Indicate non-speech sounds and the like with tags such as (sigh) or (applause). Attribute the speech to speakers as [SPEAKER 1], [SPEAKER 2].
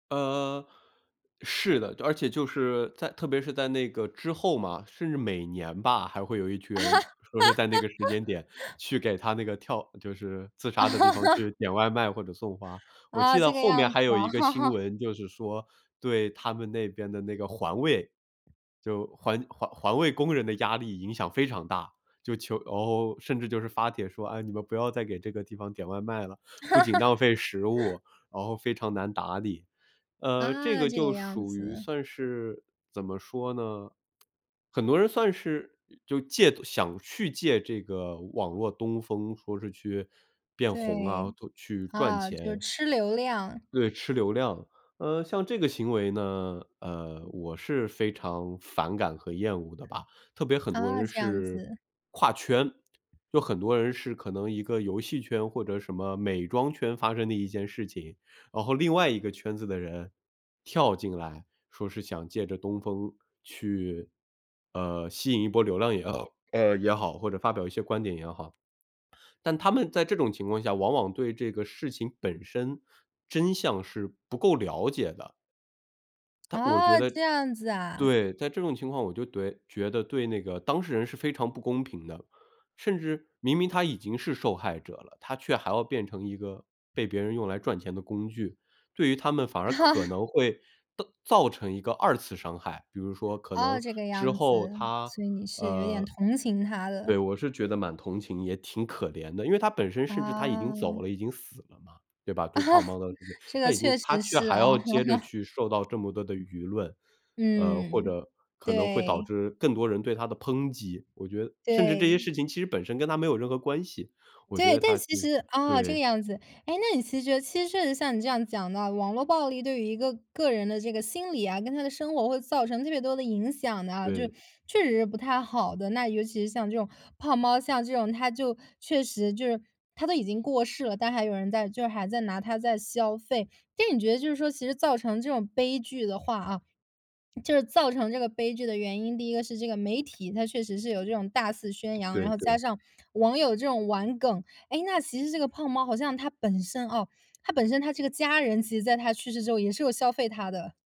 [SPEAKER 1] 呃，是的，而且就是在特别是在那个之后嘛，甚至每年吧，还会有一群
[SPEAKER 2] 啊？
[SPEAKER 1] 人说是在那个时间点去
[SPEAKER 2] (laughs)
[SPEAKER 1] 给他那个跳就是自杀的地方去
[SPEAKER 2] (laughs)
[SPEAKER 1] 点外卖或者送花。我
[SPEAKER 2] 啊，
[SPEAKER 1] 记
[SPEAKER 2] 这
[SPEAKER 1] 得
[SPEAKER 2] 个
[SPEAKER 1] 后面
[SPEAKER 2] 样子
[SPEAKER 1] 还有
[SPEAKER 2] 啊。
[SPEAKER 1] 一个新
[SPEAKER 2] (laughs)
[SPEAKER 1] 闻就是说，对他们那边的那个环卫，就环环环卫工人的压力影响非常大，就求哦，甚至就是发帖说：“啊，你们不要再给这个地方点外卖了。不仅浪费食物，然后非常难打理。”呃，这
[SPEAKER 2] 啊，
[SPEAKER 1] 个
[SPEAKER 2] 这个
[SPEAKER 1] 就
[SPEAKER 2] 样
[SPEAKER 1] 属于
[SPEAKER 2] 子。
[SPEAKER 1] 算是怎么说呢？(tsk) 很多人算是，呃，就借东想去借这个网络东风，说是去变红啊，
[SPEAKER 2] 对，
[SPEAKER 1] 或去赚
[SPEAKER 2] 啊，就是
[SPEAKER 1] 钱。
[SPEAKER 2] 吃流量。
[SPEAKER 1] 对，吃流量，呃，像这个行为呢，呃，我是非常反感和厌恶的吧。特别很多
[SPEAKER 2] 啊，
[SPEAKER 1] 人
[SPEAKER 2] 这样
[SPEAKER 1] 是
[SPEAKER 2] 子。
[SPEAKER 1] 跨圈，就很多人是可能一个游戏圈或者什么美妆圈发生的一件事情，然后另外一个圈子的人跳进来，说是想借着东风去呃，吸引一波流量也 (hiccups) 呃，也好，或者发表一些观点也好。但他们在这种情况下，往往对这个事情本身真相是不够了解的。但我
[SPEAKER 2] 啊，这样子
[SPEAKER 1] 觉得
[SPEAKER 2] 啊。
[SPEAKER 1] 对，在这种情况我觉得怼觉得对那个当事人是非常不公平的，甚至明明他已经是受害者了，他却还要变成一个被别人用来赚钱的工具，对于他们反而可
[SPEAKER 2] (laughs)
[SPEAKER 1] 能会到造成一个2次伤害，比如说可
[SPEAKER 2] 哦，
[SPEAKER 1] 能
[SPEAKER 2] 这个
[SPEAKER 1] 之
[SPEAKER 2] 样
[SPEAKER 1] 后
[SPEAKER 2] 子，
[SPEAKER 1] 他
[SPEAKER 2] 所以你是有点
[SPEAKER 1] 呃，
[SPEAKER 2] 同情他
[SPEAKER 1] 对，
[SPEAKER 2] 的。
[SPEAKER 1] 我是觉得蛮同情，也挺可怜的。因为他本身甚至他已经走
[SPEAKER 2] 啊。
[SPEAKER 1] 了、已经死了嘛，对吧？
[SPEAKER 2] 啊，
[SPEAKER 1] 就胖猫的那个
[SPEAKER 2] 这
[SPEAKER 1] 他
[SPEAKER 2] 个
[SPEAKER 1] 已经
[SPEAKER 2] 确
[SPEAKER 1] 他
[SPEAKER 2] 实
[SPEAKER 1] 却
[SPEAKER 2] 是
[SPEAKER 1] 还
[SPEAKER 2] 啊。
[SPEAKER 1] 要接着
[SPEAKER 2] (laughs)
[SPEAKER 1] 去受到这么多的舆论，呃，或
[SPEAKER 2] 嗯，
[SPEAKER 1] 者可能会导
[SPEAKER 2] 对。
[SPEAKER 1] 致更多人对他的抨击，我觉得甚至这些
[SPEAKER 2] 对。
[SPEAKER 1] 事情其实本身跟他没有任何关系，我觉
[SPEAKER 2] 对，
[SPEAKER 1] 得
[SPEAKER 2] 但
[SPEAKER 1] 他
[SPEAKER 2] 是
[SPEAKER 1] 其
[SPEAKER 2] 其
[SPEAKER 1] 实
[SPEAKER 2] 实啊，这个
[SPEAKER 1] 对。
[SPEAKER 2] 样子，诶，那你其实觉得其实确实像你这样讲到，网络暴力对于一个个人的这个心理啊，跟他的生活会造成特别多的影响的啊，就
[SPEAKER 1] 对。
[SPEAKER 2] 确实是不太好的。那尤其是像这种胖猫，像这种他就确实，就是他都已经过世了，但还有人在就是还在拿它在消费。但你觉得就是说，其实造成这种悲剧的话啊，(swallows) 就是造成这个悲剧的原因，第一个是这个媒体，它确实是有这种大肆宣扬，然
[SPEAKER 1] 对
[SPEAKER 2] 后加
[SPEAKER 1] 对。
[SPEAKER 2] 上网友这种玩梗。诶，那其实这个胖猫好像他本身哦，他本身他这个家人，其实在他去世之后也是有消费他的。